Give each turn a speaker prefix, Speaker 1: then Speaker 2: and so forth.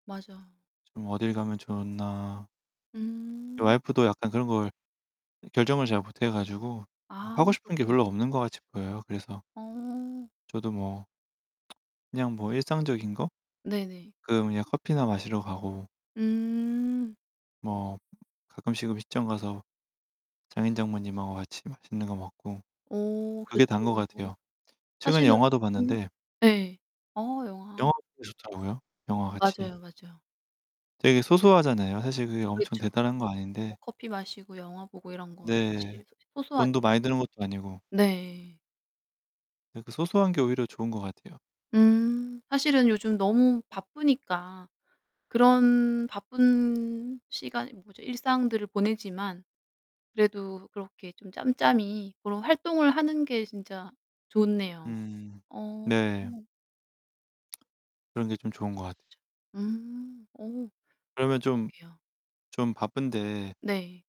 Speaker 1: 맞아.
Speaker 2: 좀 어딜 가면 좋나? 어
Speaker 1: 음.
Speaker 2: 와이프도 약간 그런 걸 결정을 잘 못해 가지고 뭐
Speaker 1: 아
Speaker 2: 하고 싶은 게
Speaker 1: 그렇구나.
Speaker 2: 별로 없는 것 같이 보여요. 그래서
Speaker 1: 어.
Speaker 2: 저도 뭐 그냥 뭐 일상적인 거?
Speaker 1: 네네.
Speaker 2: 그 그냥 커피나 마시러 가고
Speaker 1: 음.
Speaker 2: 뭐 가끔씩은 음식점 가서 장인 장모님하고 같이 맛있는 거 먹고
Speaker 1: 어 그쵸.
Speaker 2: 그게 다인 것 같아요. 최근에
Speaker 1: 사실은
Speaker 2: 영화도
Speaker 1: 바쁜
Speaker 2: 봤는데
Speaker 1: 예 어 영화.
Speaker 2: 영화 보고 싶더라고요, 영화 같이.
Speaker 1: 맞아요, 맞아요.
Speaker 2: 되게 소소하잖아요. 사실 그게 엄청
Speaker 1: 그렇죠.
Speaker 2: 대단한 건
Speaker 1: 뭐
Speaker 2: 아닌데
Speaker 1: 커피 마시고 영화 보고 이런 거
Speaker 2: 네.
Speaker 1: 사실
Speaker 2: 돈도
Speaker 1: 소소하죠.
Speaker 2: 많이 드는 것도 아니고.
Speaker 1: 네.
Speaker 2: 네 그 소소한 게 오히려 좋은 것 같아요.
Speaker 1: 음. 사실은 요즘 너무 바쁘니까 그런 바쁜 시간 이 뭐죠? 일상들을 보내지만 그래도 그렇게 좀 짬짬이 그런 활동을 하는 게 진짜 좋네요.
Speaker 2: 음
Speaker 1: 어.
Speaker 2: 네. 그런 게 좀
Speaker 1: 맞아요.
Speaker 2: 좋은
Speaker 1: 그쵸.
Speaker 2: 것 같
Speaker 1: 음. 어
Speaker 2: 그러면 좀
Speaker 1: 그러게요.
Speaker 2: 좀 바쁜데
Speaker 1: 네.